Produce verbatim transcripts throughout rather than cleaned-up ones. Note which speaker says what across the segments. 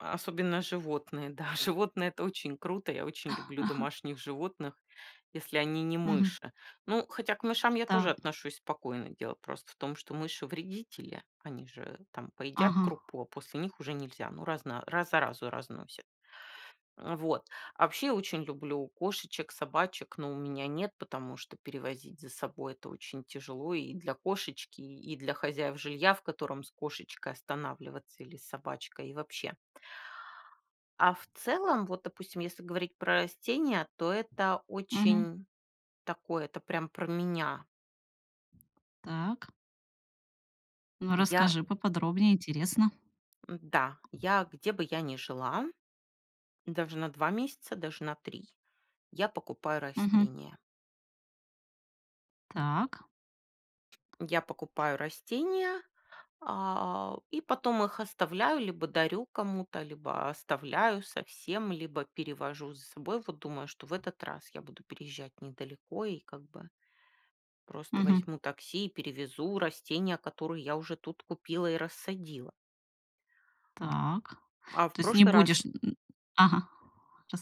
Speaker 1: Особенно животные. Да, животные это очень круто, я очень люблю
Speaker 2: Ага.
Speaker 1: домашних животных, если они не
Speaker 2: Мгм.
Speaker 1: мыши. Ну, хотя к мышам я
Speaker 2: Та.
Speaker 1: тоже отношусь спокойно. Дело просто в том, что мыши вредители, они же там поедят
Speaker 2: Ага.
Speaker 1: крупу, а после них уже нельзя, ну раз на раз заразу разносят. А вот, а вообще очень люблю кошечек, собачек, но у меня нет, потому что перевозить за собой это очень тяжело и для кошечки, и и для хозяев жилья, в котором с кошечкой останавливаться или с собачкой и вообще. А в целом, вот, допустим, если говорить про растения, то это
Speaker 2: Мгм.
Speaker 1: очень такое, это прям про меня.
Speaker 2: Так. Ну,
Speaker 1: М, я
Speaker 2: расскажи поподробнее, интересно.
Speaker 1: М-да, я где бы я не жила, даже на два месяца, даже на три, я покупаю
Speaker 2: Мгм.
Speaker 1: растения.
Speaker 2: Так.
Speaker 1: Я покупаю растения, а, и потом их оставляю, либо дарю кому-то, либо оставляю совсем, либо перевожу за собой. Вот, думаю, что в этот раз я буду переезжать недалеко и как бы просто
Speaker 2: Мгм.
Speaker 1: возьму такси и перевезу растения, которые я уже тут купила и рассадила.
Speaker 2: Так,
Speaker 1: А в
Speaker 2: то есть не
Speaker 1: прошлый раз
Speaker 2: будешь, м, м, ага,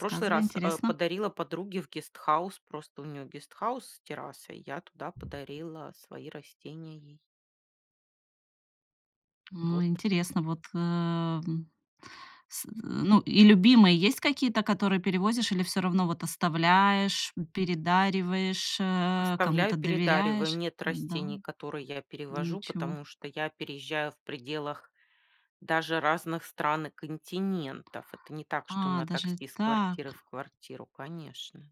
Speaker 1: В прошлый раз, э,
Speaker 2: интересно.
Speaker 1: подарила подруге в гестхаус, просто у нее гестхаус с террасой, я туда подарила свои растения ей.
Speaker 2: О
Speaker 1: Вот.
Speaker 2: интересно, вот эм. С, э, ну, и любимые есть какие-то, которые перевозишь или всё равно вот оставляешь, м, передариваешь, э,
Speaker 1: Оставляю
Speaker 2: кому-то
Speaker 1: и передариваю.
Speaker 2: доверяешь?
Speaker 1: Нет
Speaker 2: Н-да.
Speaker 1: растений, которые я перевожу,
Speaker 2: Ничего.
Speaker 1: потому что я переезжаю в пределах даже разных стран и континентов. Это не так, что
Speaker 2: А,
Speaker 1: на
Speaker 2: даже
Speaker 1: такси из квартиры в
Speaker 2: так.
Speaker 1: квартиру, конечно.